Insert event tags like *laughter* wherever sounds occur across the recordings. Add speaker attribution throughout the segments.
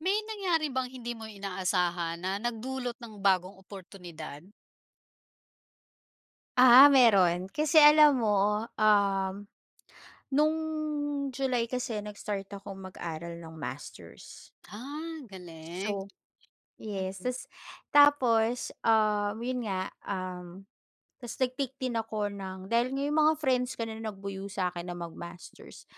Speaker 1: May nangyari bang hindi mo inaasahan, na nagdulot ng bagong oportunidad?
Speaker 2: Ah, meron, kasi alam mo, um, nung July kasi, nag-start akong mag-aral ng masters.
Speaker 1: Ah, galing!
Speaker 2: So, yes. Tas tapos, um, yun nga, um, tapos nag-take din ako ng dahil nga 'yung mga friends ko na nagbuyo sa akin na mag-masters.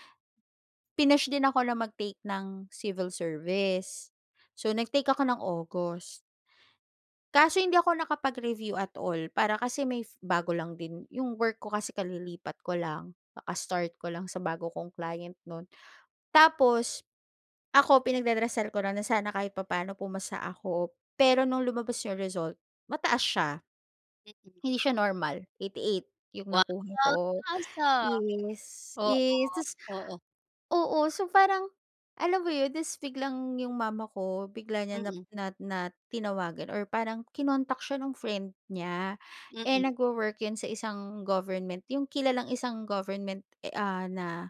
Speaker 2: Pinush din ako na mag-take ng Civil Service. So, nag-take ako ng August. Kaso hindi ako nakapag-review at all, para Kasi may bago lang din yong work ko kasi kalilipat ko lang. Kaka-start ko lang sa bago kong client no'n. Tapos ako, pinagdarasal ko lang na sana kahit papa'no pumasa ako. Pero no'ng lumabas 'yung result, mataas siya,
Speaker 1: Mm.
Speaker 2: hindi siya normal, 88 'yung
Speaker 1: Wow,
Speaker 2: nakuha
Speaker 1: ang
Speaker 2: ko.
Speaker 1: taas, ah.
Speaker 2: Yes,
Speaker 1: Oo,
Speaker 2: yes, Tas,
Speaker 1: oo.
Speaker 2: oo, so parang alam mo 'yun? Tas biglang yung mama ko, bigla niya na
Speaker 1: Mm.
Speaker 2: na na tinawagan or parang kinontak siya nung friend niya. Eh,
Speaker 1: Mm.
Speaker 2: nagwo-work yun sa isang government, yung kilalang isang government, e ah, na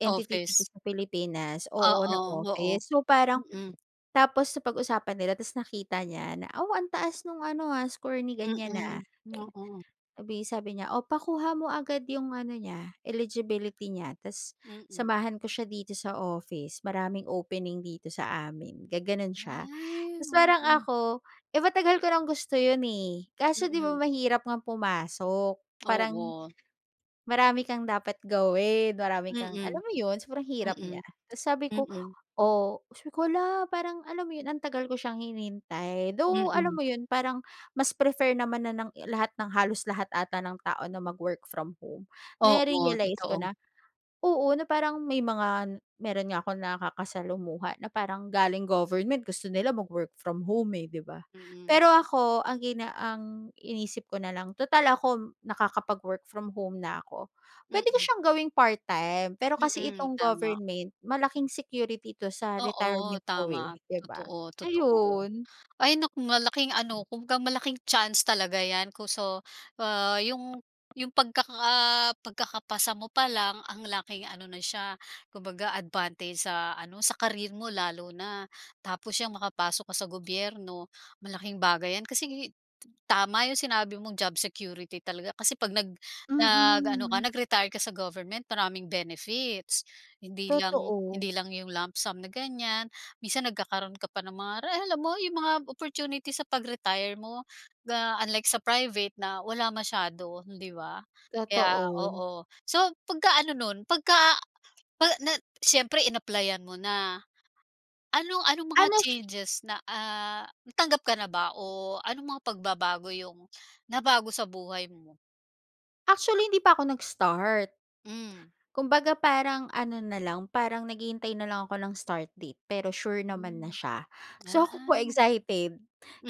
Speaker 2: entity dito
Speaker 1: Office.
Speaker 2: sa Pilipinas, oo, na
Speaker 1: Oo, oo.
Speaker 2: office. So, parang
Speaker 1: Mm.
Speaker 2: tapos napag-usapan nila. Tapos nakita niya na, wow, "Ang taas no'ng ano ha, score ni ganyan, ah."
Speaker 1: Mm,
Speaker 2: Eh,
Speaker 1: oo.
Speaker 2: sabay sabi niya, oo, "Pakuha mo agad yong ano niya, eligibility niya. Tas,
Speaker 1: Mm.
Speaker 2: samahan ko siya dito sa office. Maraming opening dito sa amin." Gumanon siya. *gasps*
Speaker 1: Ay!
Speaker 2: Tapos, parang
Speaker 1: Oo.
Speaker 2: ako, eh, matagal ko nang gusto 'yon, eh. Kaso 'di ba,
Speaker 1: Mm.
Speaker 2: mahirap ngang pumasok. Parang,
Speaker 1: Oo.
Speaker 2: marami kang dapat gawin. Marami kang, alam
Speaker 1: Mm.
Speaker 2: mo 'yon, sobrang hirap niya.
Speaker 1: Mm.
Speaker 2: Tapos, sabi ko,
Speaker 1: Mm.
Speaker 2: "Oh, hala, parang alam mo yon, ang tagal ko siyang hinintay." Though, alam
Speaker 1: Mm.
Speaker 2: mo 'yon, parang mas prefer naman na ng lahat, ng halos lahat ata ng tao na mag-work from home.
Speaker 1: Oo,
Speaker 2: Na-realize ko
Speaker 1: totoo.
Speaker 2: na, oo, na parang may mga meron nga akong nakakasalumuha na parang galing government, gusto nila mag-work from home eh, 'di ba?
Speaker 1: Mm.
Speaker 2: Pero ako ang gina ang iniisip ko na lang, tutal ako nakakapag-work from home na ako, puwede ko
Speaker 1: Mm.
Speaker 2: siyang gawing part-time. Pero kasi
Speaker 1: Mm,
Speaker 2: itong
Speaker 1: tama.
Speaker 2: government malaking security ito sa
Speaker 1: Oo
Speaker 2: retirement ko, eh,
Speaker 1: tama,
Speaker 2: 'di ba?
Speaker 1: totoo, totoo.
Speaker 2: Ayun.
Speaker 1: Ay naku, malaking ano kung ka malaking chance talaga 'yan. Ko so, yung yung pagkaka pagkakapasa mo pa lang, ang laking ano na siya, kumbaga, advantage sa ano sa career mo lalo na. Tapos, yang makapasok ka sa gobyerno malaking bagay yan. Kasi, t tama yong sinabi mong job security talaga. Kasi, 'pag nag nag-ano ka,
Speaker 2: Mm.
Speaker 1: nag-retire ka sa government maraming benefits. Hindi lang,
Speaker 2: Totoo
Speaker 1: hindi lang yong lump sum na ganyan. Minsan, nagkakaroon ka pa ng mga re alam mo yong mga opportunity sa pag-retire mo. Ah, unlike sa private na wala masyado 'di ba? Kaya
Speaker 2: Totoo.
Speaker 1: oo. So, 'pagka ano no'n, 'pagka na pag nag siyempre in-applyan mo na. Ano, anong mga
Speaker 2: Ano sy
Speaker 1: changes na, ah, natanggap ka na ba? O anong mga pagbabago yung nabago sa buhay mo?
Speaker 2: Actually hindi pa ako nag-start.
Speaker 1: Hmm.
Speaker 2: Kumbaga parang ano na lang parang naghihintay na lang ako ng start date pero sure naman na
Speaker 1: Hmm.
Speaker 2: siya. So ako po
Speaker 1: Ah.
Speaker 2: excited,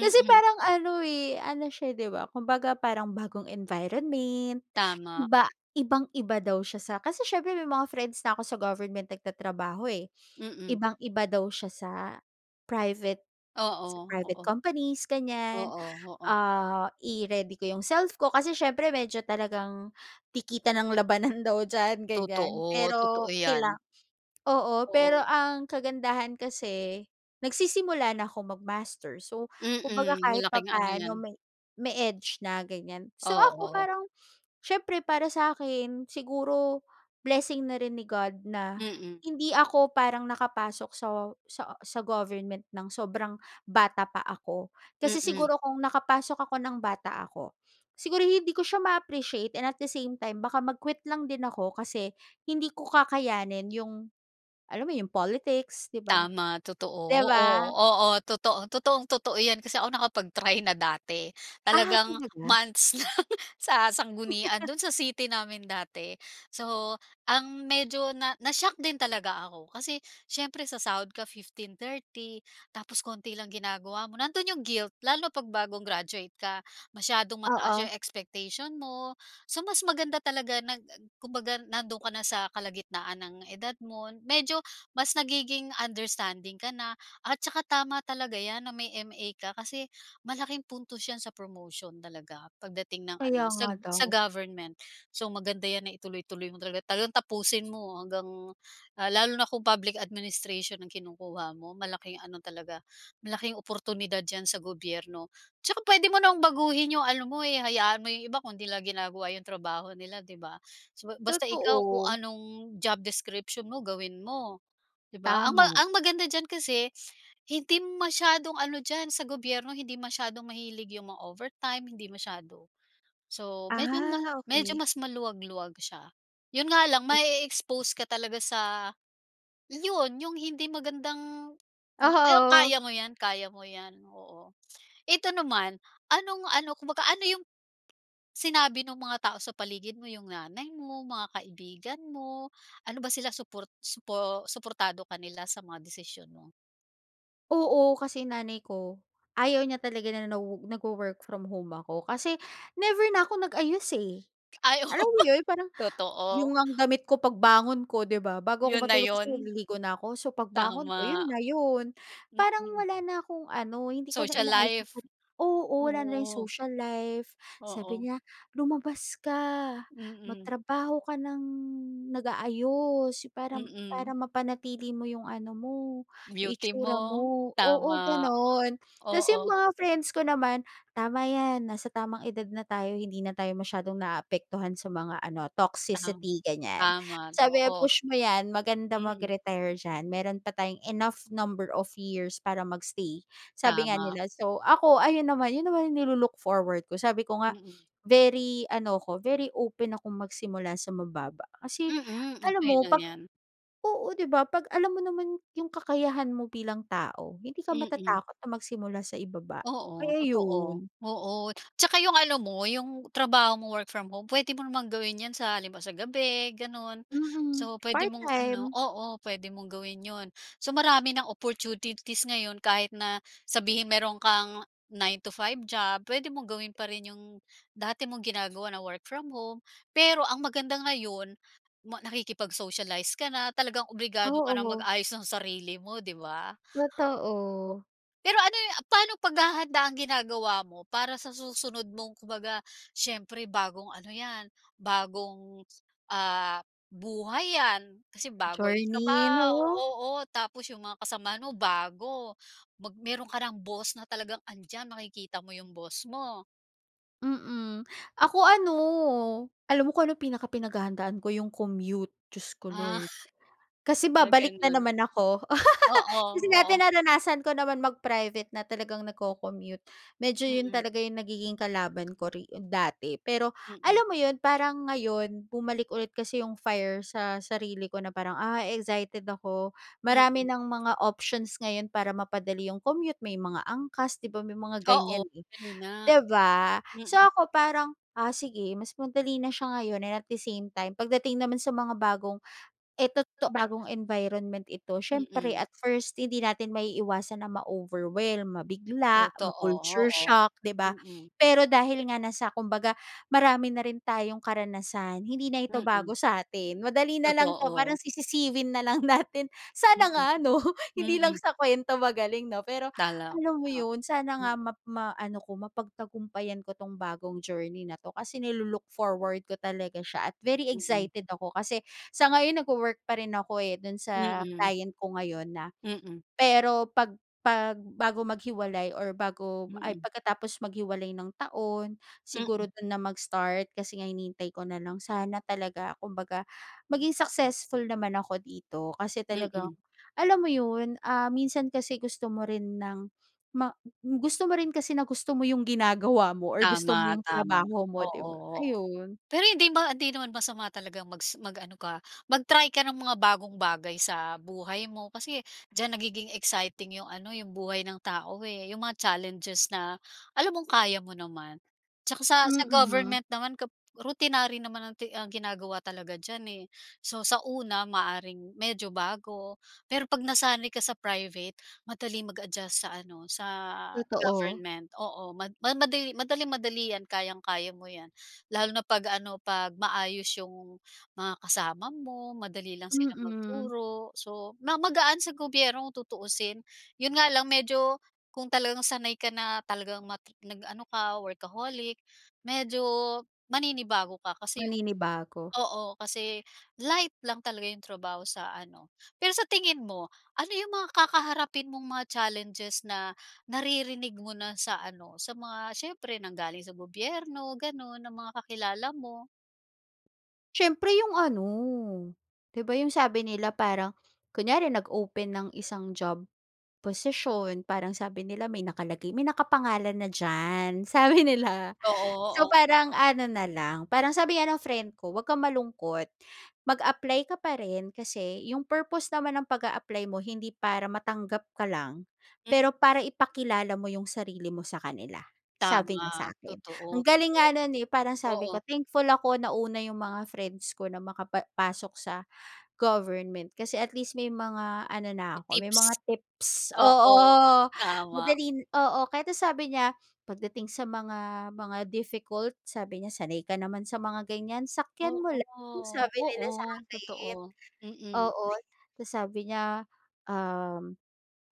Speaker 2: kasi parang ano, eh, ano siya, 'di ba, kumbaga parang bagong environment,
Speaker 1: Tama.
Speaker 2: iba ibang-iba daw siya sa kasi siyempre may mga friends na ako sa government nagtatrabaho, eh.
Speaker 1: Mm.
Speaker 2: Ibang-iba daw siya sa private,
Speaker 1: Oo,
Speaker 2: sa private
Speaker 1: oo.
Speaker 2: companies ganyan.
Speaker 1: Oo, oo.
Speaker 2: Ah, i-ready ko 'yong self ko kasi siyempre medyo talagang dikitan ang labanan daw diyan ganyan.
Speaker 1: Totoo, totoo
Speaker 2: Pero kailan
Speaker 1: yan.
Speaker 2: oo. Pero
Speaker 1: Oo.
Speaker 2: ang kagandahan kasi, nagsisimula na ako mag-master, so kumbaga
Speaker 1: Mm,
Speaker 2: kahit
Speaker 1: malaking ano 'yan.
Speaker 2: papaano may may edge na ganyan. So ako
Speaker 1: Oo.
Speaker 2: parang siyempre para sa'kin siguro blessing na rin ni God na
Speaker 1: Mm.
Speaker 2: hindi ako parang nakapasok sa sa sa government nang sobrang bata pa ako. Kasi
Speaker 1: Mm.
Speaker 2: siguro kung nakapasok ako ng bata ako, siguro hindi ko siya ma-appreciate and at the same time baka mag-quit lang din ako kasi hindi ko kakayanin 'yong, alam mo 'yong politics, 'di ba.
Speaker 1: Tama, totoo.
Speaker 2: 'Di
Speaker 1: Oo,
Speaker 2: ba?
Speaker 1: oo, totoo totoong-totoo 'yan. Kasi ako nakapag-try na dati.
Speaker 2: Ah,
Speaker 1: Talagang
Speaker 2: talaga?
Speaker 1: months lang *chuckles* sa sanggunian
Speaker 2: *chuckles*
Speaker 1: do'n sa city namin dati. So ang medyo na na-shock din talaga ako kasi siyempre sasahod ka 15, 30, tapos konti lang ginagawa mo. Nando'n 'yong guilt lalo na 'pag bagong graduate ka. Masyadong mataas
Speaker 2: Oo.
Speaker 1: 'yong expectation mo. So mas maganda talaga nag ag kumbaga nandoon ka na sa kalagitnaan ng edad mo. Medyo mas nagiging understanding ka na at saka tama talaga 'yan na may MA ka kasi malaking puntos yan sa promotion talaga pagdating ng ano
Speaker 2: Kaya nga
Speaker 1: sag sa
Speaker 2: daw.
Speaker 1: government. So maganda 'yan na ituloy-tuloy mo talaga talagang tapusin mo hanggang, ah, lalo na kung Public Administration ang kinukuha mo. Malaking ano talaga, malaking oportunidad diyan sa gobyerno. Tsaka puwede mo namang baguhin 'yong ano mo, eh, hayaan mo 'yong iba kung 'di nila ginagawa 'yong trabaho nila, 'di ba. Basta ikaw kung
Speaker 2: Totoo.
Speaker 1: anong job description mo gawin mo, 'di ba. Ang ma
Speaker 2: Tama.
Speaker 1: ang maganda diyan kasi hindi masyadong ano diyan sa gobyerno, hindi masyadong mahilig 'yong mga overtime hindi masyado. So medyo ma
Speaker 2: Ah,
Speaker 1: medyo
Speaker 2: okey.
Speaker 1: mas maluwag-luwag siya. 'Yon nga lang mae-expose ka talaga sa 'yon 'yong hindi magandang 'yan
Speaker 2: Aha, oo.
Speaker 1: kaya mo 'yan, kaya mo 'yan, oo. Eto naman, anong ano, kumbaga ano 'yong sinabi no'ng mga tao sa paligid mo, 'yong nanay mo, mga kaibigan mo? Ano ba sila suport supo suportado ka nila sa mga desisyon mo?
Speaker 2: Oo, kasi nanay ko ayaw niya talaga na nawo nagwo-work from home ako kasi never na ako nag-ayos, eh.
Speaker 1: Ay oo.
Speaker 2: Alam mo 'yon
Speaker 1: *laughs*
Speaker 2: parang yung
Speaker 1: Totoo.
Speaker 2: ngang damit ko pagbangon ko 'di ba, bago ako
Speaker 1: Yon na
Speaker 2: matulog kasi
Speaker 1: yon.
Speaker 2: naliligo na ako. So, pagbangon ko 'yon
Speaker 1: Tama.
Speaker 2: na 'yon. Parang
Speaker 1: Mhm.
Speaker 2: wala na akong ano hindi ko na
Speaker 1: Social
Speaker 2: inaayos yung
Speaker 1: life.
Speaker 2: sarili ko oo wala na 'yong
Speaker 1: Oo.
Speaker 2: social life. Sabi
Speaker 1: Oo.
Speaker 2: niya, "Lumabas ka,
Speaker 1: Mm.
Speaker 2: magtrabaho ka ng nag-aayos parang para
Speaker 1: Mm.
Speaker 2: mapanatili mo yung ano mo, yung
Speaker 1: Beauty
Speaker 2: itsura
Speaker 1: mo.
Speaker 2: mo." Oo,
Speaker 1: Tama.
Speaker 2: ganun. Kasi yung
Speaker 1: Oo.
Speaker 2: mga friends ko naman tama yan nasa tamang edad na tayo hindi na tayo masyadong naaapektuhan sa mga ano
Speaker 1: Tam
Speaker 2: toxicity ganyan.
Speaker 1: tama,
Speaker 2: Sabi,
Speaker 1: oo.
Speaker 2: "Push mo 'yan maganda
Speaker 1: Mm.
Speaker 2: mag-retire diyan. Meron pa tayong enough number of years para mag-stay", sabi nga
Speaker 1: Tama.
Speaker 2: nila. So ako, ayun naman yun naman nilo-look-forward ko. Sabi ko nga
Speaker 1: Mm.
Speaker 2: very ano ako, very open akong magsimula sa mababa. Kasi
Speaker 1: Mm,
Speaker 2: alam
Speaker 1: okey
Speaker 2: mo
Speaker 1: lang
Speaker 2: 'pag
Speaker 1: 'yan.
Speaker 2: oo, 'di ba 'pag alam mo naman 'yong kakayahan mo bilang tao. Hindi ka
Speaker 1: Mm.
Speaker 2: matatakot na magsimula sa ibaba,
Speaker 1: Oo
Speaker 2: kaya
Speaker 1: totoo.
Speaker 2: 'yon.
Speaker 1: Oo, tsaka 'yong ano mo, 'yong trabaho mo work from home puwede mo namang gawin 'yan sa halimbawa sa gabi gano'n.
Speaker 2: Mm.
Speaker 1: So puwede
Speaker 2: Part
Speaker 1: mong ano
Speaker 2: time.
Speaker 1: oo, puwede mong gawin 'yon. So marami nang opportunities ngayon kahit na sabihin mayroon kang 9 to 5 job, puwede mong gawin pa rin 'yong dati mong ginagawa na work from home. Pero ang maganda ngayon ma nakikipag-socialize ka na talagang obligado ka nang
Speaker 2: Oo.
Speaker 1: mag-ayos ng sarili mo, 'di ba?
Speaker 2: Totoo.
Speaker 1: Pero ano yu paanong paghahanda ang ginagawa mo para sa susunod mong kumbaga, siyempre bagong ano 'yan, bagong ah, buhay 'yan kasi bago, 'yong
Speaker 2: Journey,
Speaker 1: trabaho
Speaker 2: 'no?
Speaker 1: oo, tapos 'yong mga kasamahan mo bago, mag meron ka nang boss na talagang andyan makikita mo 'yong boss mo?
Speaker 2: Mm. Ako ano Alam mo kung anong pinakapinaghahandaan ko 'yung commute. Diyos ko
Speaker 1: Ah.
Speaker 2: Lord. Kasi
Speaker 1: Ah,
Speaker 2: babalik na
Speaker 1: gano'n.
Speaker 2: naman ako.
Speaker 1: Oo,
Speaker 2: *laughs* Kasi dati
Speaker 1: oo.
Speaker 2: naranasan ko naman mag-private na talagang nagko-commute, medyo 'yon
Speaker 1: Mm.
Speaker 2: talaga 'yong nagiging kalaban ko re dati. Pero
Speaker 1: Mm.
Speaker 2: alam mo 'yon, parang ngayon bumalik ulit kasi 'yung fire sa sarili ko na parang, "Ah excited ako marami
Speaker 1: Mm.
Speaker 2: ng mga options ngayon para mapadali 'yong commute may mga angkas." 'Di ba, may mga
Speaker 1: Oo,
Speaker 2: ganyan, eh.
Speaker 1: kanina.
Speaker 2: 'Di ba? So,
Speaker 1: Mm.
Speaker 2: ako parang, ah, sige mas madali na siya ngayon, and at the same time pagdating naman sa mga bagong eh, to to bagong environment ito. Siyempre
Speaker 1: Mm.
Speaker 2: at first, hindi natin maiiwasan na ma-overwhelm, mabigla,
Speaker 1: Totoo,
Speaker 2: ma-culture
Speaker 1: oo.
Speaker 2: shock, 'di ba?
Speaker 1: Mm.
Speaker 2: Pero dahil nga nasa kumbaga marami na rin tayong karanasan, hindi na ito bago
Speaker 1: Mm.
Speaker 2: sa atin, madali nalang to parang
Speaker 1: Totoo.
Speaker 2: sisisiwin nalang natin. Sana
Speaker 1: Mm.
Speaker 2: nga 'no, *chuckles* hindi lang
Speaker 1: Mm.
Speaker 2: sa kwento magaling 'no. Pero
Speaker 1: Talaga.
Speaker 2: alam mo 'yon, sana nga
Speaker 1: Hmm.
Speaker 2: map maano ko mapagtagumpayan ko tong bagong journey na to, kasi nilu-look forward ko talaga siya at very
Speaker 1: Mm.
Speaker 2: excited ako. Kasi, sa ngayon nag-wowork pa rin ako, eh, do'n sa
Speaker 1: Mm.
Speaker 2: client ko ngayon na
Speaker 1: Mm.
Speaker 2: Pero 'pag 'pag bago maghiwalay or bago ay,
Speaker 1: Mm.
Speaker 2: pagkatapos maghiwalay ng taon,
Speaker 1: Mm.
Speaker 2: siguro do'n na mag-start. Kasi nga hinihintay ko na lang, sana talaga kumbaga maging successful naman ako dito. Kasi talagang,
Speaker 1: Mm.
Speaker 2: alam mo 'yon, ah, minsan kasi gusto mo rin ng ma gusto mo rin kasi na gusto mo 'yong ginagawa mo or gusto mo
Speaker 1: Tama,
Speaker 2: 'yong
Speaker 1: tama.
Speaker 2: trabaho mo,
Speaker 1: Oo,
Speaker 2: 'di ba?
Speaker 1: oo.
Speaker 2: Ayun.
Speaker 1: Pero hindi ma hindi naman masama talagang magsi mag-ano ka mag-try ka ng mga bagong bagay sa buhay mo kasi, diyan nagiging exciting 'yong ano, 'yong buhay ng tao, eh, 'yong mga challenges na alam mong kaya mo naman. 'Tsaka sa sa
Speaker 2: Mm.
Speaker 1: government naman kap routinary naman ang ti ang ginagawa talaga diyan, eh. So sa una, maaaring medyo bago, pero 'pag nasanay ka sa private, madaling mag-adjust sa ano, sa
Speaker 2: Totoo.
Speaker 1: government. Oo ma ma madali madaling-madali 'yan, kayang-kaya mo 'yan. Lalo na 'pag ano, 'pag maayos 'yong mga kasama mo, madali lang silang
Speaker 2: Mm.
Speaker 1: magturo, so ma magaan sa gobyerno kung tutuusin. 'Yon nga lang medyo, kung talagang sanay ka na talagang mat nag-ano ka workaholic, medyo maninibago ka kasi 'yong
Speaker 2: Maninibago.
Speaker 1: oo kasi, light lang talaga 'yong trabaho sa ano. Pero sa tingin mo ano 'yong mga kakaharapin mong mga challenges na naririnig mo na sa ano, sa mga, siyempre nanggaling sa gobyerno gano'n, ng mga kakilala mo?
Speaker 2: Siyempre 'yong ano, 'di ba, 'yong sabi nila parang kunyari nag-open ng isang job posisyon parang sabi nila may nakalagay "May nakapangalan na diyan." Sabi nila.
Speaker 1: *unintelligible* Oo,
Speaker 2: So,
Speaker 1: oo.
Speaker 2: parang ano na lang, parang sabi nga ng friend ko, "'Wag kang malungkot. Mag-apply ka pa rin kasi 'yong purpose naman ng pag-a-apply mo hindi para matanggap ka lang,
Speaker 1: Hmm.
Speaker 2: pero para ipakilala mo 'yong sarili mo sa kanila." Sabi
Speaker 1: Tama
Speaker 2: niya sa akin. Ang
Speaker 1: totoo.
Speaker 2: galing nga no'n, eh. Parang sabi ko,
Speaker 1: Oo.
Speaker 2: "Thankful ako nauna 'yong mga friends ko na makapa pasok sa government kasi at least may mga ano na ako may mga
Speaker 1: Tips.
Speaker 2: tips."
Speaker 1: Oo.
Speaker 2: Oo.
Speaker 1: Tama.
Speaker 2: Madaling na, oo. Kahit na sabi niya, "Pagdating sa mga mga difficult," sabi niya, "Sanay ka naman sa mga ganyan, sakyan mo lang."
Speaker 1: Oo.
Speaker 2: Sabi nila sa
Speaker 1: Oo,
Speaker 2: akin.
Speaker 1: totoo. Mm.
Speaker 2: Oo. Ta's sabi niya, um,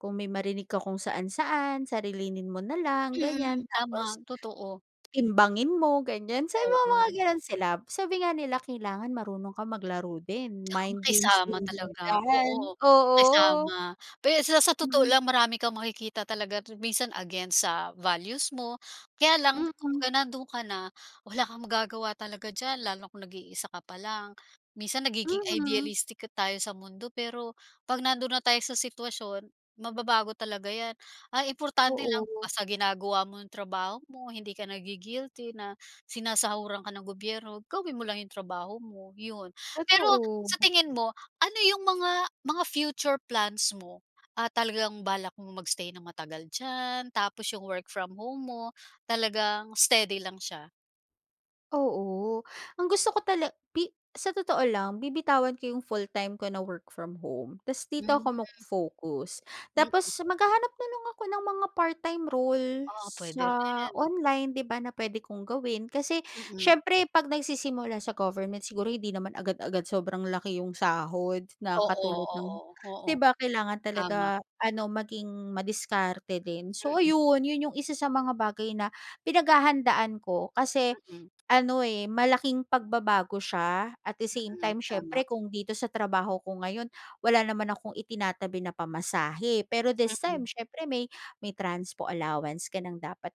Speaker 2: "Kung may marinig ka kung saan-saan sarilinin mo na lang ganyan
Speaker 1: Mm.
Speaker 2: tapos,
Speaker 1: Tama, totoo.
Speaker 2: timbangin mo." Ganyan. So, may mga
Speaker 1: Oo.
Speaker 2: gano'n sila. Sabi nga nila, "Kailangan marunong kang maglaro din
Speaker 1: 'Tsaka
Speaker 2: mind games
Speaker 1: makisama
Speaker 2: din
Speaker 1: talaga.
Speaker 2: diyan."
Speaker 1: Oo.
Speaker 2: Oo. Mm.
Speaker 1: Makisama pe sa sa totoo
Speaker 2: Mm.
Speaker 1: lang marami kang makikita talaga minsan against sa values mo, kaya lang kung
Speaker 2: Mm.
Speaker 1: ga nandoon ka na, wala kang magagawa talaga diyan lalo na kung nag-iisa ka pa lang. Minsan nagiging
Speaker 2: Mhm.
Speaker 1: idealistic tayo sa mundo. Pero 'pag nandoon na tayo sa sitwasyon, mababago talaga 'yan. Ang importante lang
Speaker 2: Oo.
Speaker 1: basta ginagawa mo 'yong trabaho mo, hindi ka nagi-guilty na sinasahuran ka ng gobyerno, gawin mo lang 'yong trabaho mo, 'yon. Pero
Speaker 2: Totoo.
Speaker 1: sa tingin mo ano 'yong mga mga future plans mo? Ah, talagang balak mo mag-stay ng matagal diyan? Tapos 'yong work from home mo talagang steady lang siya?
Speaker 2: Oo, ang gusto ko tala pi sa totoo lang, bibitawan ko yung full-time ko na work from home tas dito
Speaker 1: Hmm.
Speaker 2: ako magfo-focus. Tapos
Speaker 1: Mm.
Speaker 2: maghahanap na lang ako ng mga part-time role,
Speaker 1: Oo, puwede
Speaker 2: sa
Speaker 1: rin.
Speaker 2: online, 'di ba? Na puwede kong gawin, kasi
Speaker 1: Mm.
Speaker 2: siyempre, 'pag nagsisimula sa government siguro hindi naman agad-agad sobrang laki 'yong sahod, na
Speaker 1: Oo,
Speaker 2: katulad ng
Speaker 1: oo, oo,
Speaker 2: 'di ba? Kailangan
Speaker 1: tama.
Speaker 2: talaga ano, maging madiskarte din. So
Speaker 1: Mm.
Speaker 2: ayun, yun yung isa sa mga bagay na pinaghahandaan ko kasi,
Speaker 1: Mm.
Speaker 2: ano, eh, malaking pagbabago siya, at the same
Speaker 1: Mm,
Speaker 2: time
Speaker 1: tama.
Speaker 2: siyempre, kung dito sa trabaho ko ngayon, wala naman akong itinatabi na pamasahe. Pero this time,
Speaker 1: Mm.
Speaker 2: siyempre may, may transpo allowance ka ng dapat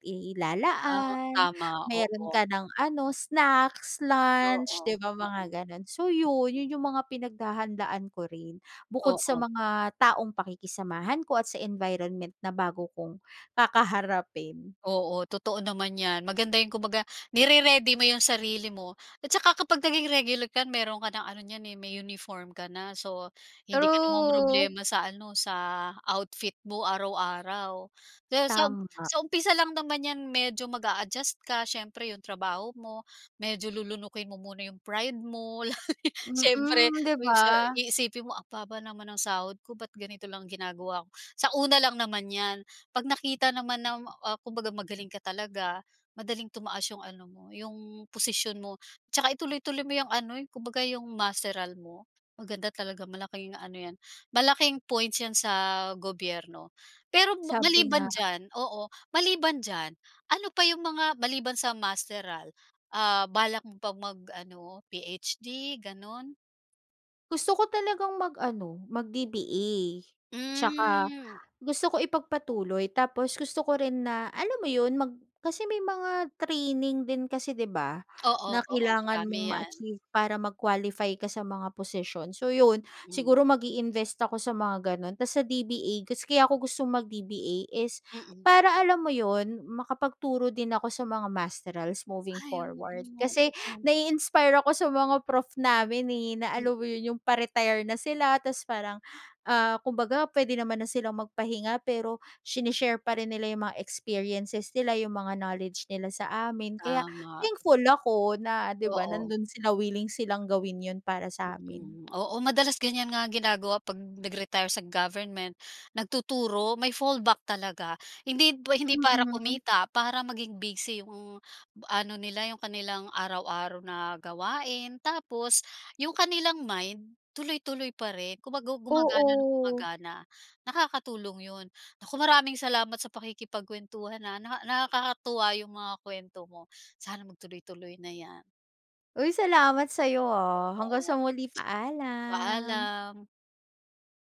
Speaker 1: Ah,
Speaker 2: ilalaan,
Speaker 1: tama,
Speaker 2: meron
Speaker 1: oo.
Speaker 2: ka ng ano, snacks,
Speaker 1: Oo,
Speaker 2: lunch
Speaker 1: oo.
Speaker 2: 'di ba? Mga
Speaker 1: Mm.
Speaker 2: ganun. So yun, yun yung mga pinaghahandaan ko rin, bukod sa
Speaker 1: Oo.
Speaker 2: mga taong pakikisamahan ko, at sa environment na bago kong kakaharapin.
Speaker 1: Oo, totoo naman 'yan, maganda yan kumbaga, nire-ready mo 'yong sarili mo, at tsaka kapag naging regular ka meron ka ng ano niyan, eh, may uniform ka na so, hindi ka na
Speaker 2: True.
Speaker 1: ma-mroblema sa ano, sa, outfit mo araw-araw. Kaya sa um
Speaker 2: Tama.
Speaker 1: sa umpisa lang naman 'yan medyo mag-aadjust ka siyempre, 'yong trabaho mo, medyo lulunukin mo muna 'yong pride mo, *chuckles* siyempre,
Speaker 2: Mm, 'di
Speaker 1: yun sa
Speaker 2: ba?
Speaker 1: iisipin mo "Ang baba naman ang sahod ko ba't ganito lang ginagawa ko." Sa una lang naman 'yan, 'pag nakita naman na, ah, kumbaga magaling ka talaga, madaling tumaas 'yong ano mo, 'yong posisyon mo. Tsaka, ituloy-tuloy mo 'yang ano, yung kumbaga 'yong masteral mo, maganda talaga, malaking ano 'yan, malaking points 'yan sa gobyerno. Pero
Speaker 2: Sabi nga.
Speaker 1: maliban diyan oo, maliban diyan, ano pa 'yong mga, maliban sa masteral, ah, balak mo pa mag-ano PhD, ganon?
Speaker 2: Gusto ko talagang mag-ano mag-DBA, tsaka
Speaker 1: Hmm.
Speaker 2: gusto ko ipagpatuloy, tapos gusto ko rin na, alam mo yun, mag kasi may mga training din kasi, 'di ba?
Speaker 1: Oo,
Speaker 2: Na
Speaker 1: oo
Speaker 2: kailangan
Speaker 1: marami
Speaker 2: mong
Speaker 1: 'yan.
Speaker 2: ma-achieve para mag-qualify ka sa mga position. So 'yon,
Speaker 1: Mm.
Speaker 2: siguro magi-invest ako sa mga ganun. Tapos sa DBA, gus kaya ko gustong mag-DBA is
Speaker 1: Mm.
Speaker 2: para alam mo yun, makapagturo din ako sa mga masterals moving
Speaker 1: Ay, oo
Speaker 2: forward,
Speaker 1: nga,
Speaker 2: kasi
Speaker 1: oo.
Speaker 2: nai-inspire ako sa mga prof namin, eh, na alam mo
Speaker 1: Mhm.
Speaker 2: yun, yung pa-retire na sila tapos parang, ah, kumbaga pwede naman na silang magpahinga, pero sene-share pa rin nila yung mga experiences nila, yung mga knowledge nila sa amin. Kaya
Speaker 1: Tama.
Speaker 2: thankful ako na, 'di ba,
Speaker 1: Oo.
Speaker 2: nandun sila, willing silang gawin yun para sa amin.
Speaker 1: Mhm, oo madalas ganyan nga ginagawa 'pag nag-retire sa government, nagtuturo, may fallback talaga, hindi, hindi para
Speaker 2: Mhm.
Speaker 1: kumita para maging busy 'yong ano nila 'yong kanilang araw-araw na gawain. Tapos, 'yong kanilang mind tuloy-tuloy pa rin kumbaga gumagana nang
Speaker 2: Oo.
Speaker 1: gumagana. Nakakatulong 'yon. Naku, maraming salamat sa pakikipagkuwentuhan ha, naka nakakatuwa 'yong mga kuwento mo. Sana magtuloy-tuloy na 'yan.
Speaker 2: Uy, salamat sa 'yo ha, hanggang
Speaker 1: Oo.
Speaker 2: sa muli, paalam.
Speaker 1: Paalam.